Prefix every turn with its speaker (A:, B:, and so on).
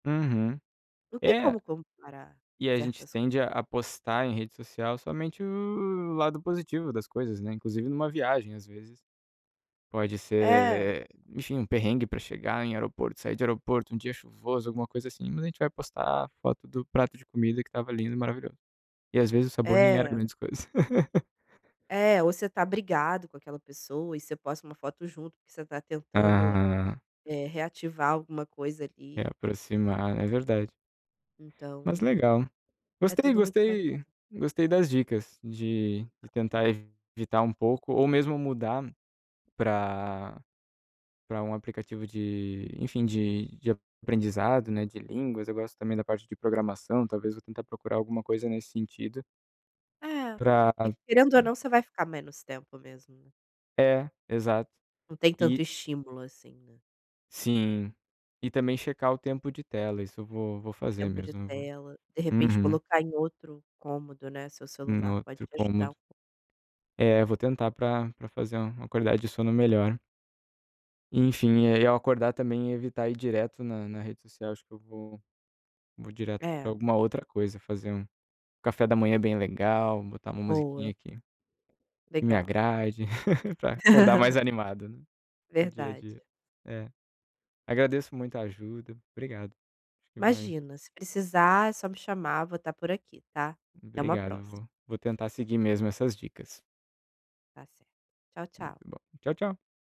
A: Uhum.
B: Não tem
A: É.
B: como comparar
A: E a gente
B: certas
A: tende a a postar em rede social somente o lado positivo das coisas, né? Inclusive numa viagem, às vezes, pode
B: É.
A: ser, enfim, um perrengue para chegar em aeroporto, sair de aeroporto, um dia chuvoso, alguma coisa assim. Mas a gente vai postar foto do prato de comida que estava lindo e maravilhoso. E, às vezes, o sabor nem era
B: É.
A: grandes coisas.
B: É, ou você tá brigado com aquela pessoa e você posta uma foto junto, porque você tá tentando,
A: Ah.
B: eh, reativar alguma coisa
A: É,
B: ali.
A: aproximar. É verdade. Mas
B: Então
A: legal.
B: é
A: Gostei,
B: tudo muito
A: gostei.
B: maquiado.
A: Gostei das dicas de de tentar evitar um pouco ou mesmo mudar pra pra um aplicativo de, enfim, de de aprendizado, né, de línguas. Eu gosto também da parte de programação, talvez vou tentar procurar alguma coisa nesse sentido
B: É,
A: pra
B: porque, querendo ou
A: e
B: não, você vai ficar menos tempo mesmo.
A: É, exato.
B: Não tem tanto
A: E
B: estímulo assim.
A: Sim, e também checar o tempo de tela. Isso eu vou vou fazer
B: Tempo de
A: mesmo. Eu vou
B: tela. De repente
A: uhum.
B: colocar em outro cômodo, né, seu
A: No
B: celular, pode
A: outro
B: te ajudar um
A: cômodo.
B: pouco.
A: É, eu vou tentar pra pra fazer uma qualidade de sono melhor. Enfim, e ao acordar também evitar ir direto na na rede social. Acho que eu vou vou direto pra
B: É.
A: alguma outra coisa. Fazer um café da manhã bem legal, botar uma musiquinha
B: Boa.
A: aqui que me
B: Legal.
A: agrade, pra acordar mais animado para o dia a dia.
B: Verdade.
A: É. Agradeço muito a ajuda, obrigado. Acho que vai
B: Imagina, se precisar, é só me chamar. Vou estar por aqui, tá? Até uma
A: Obrigado,
B: próxima.
A: vou vou tentar seguir mesmo essas dicas.
B: Tá certo. Tchau,
A: Muito
B: tchau.
A: bom. Tchau, tchau.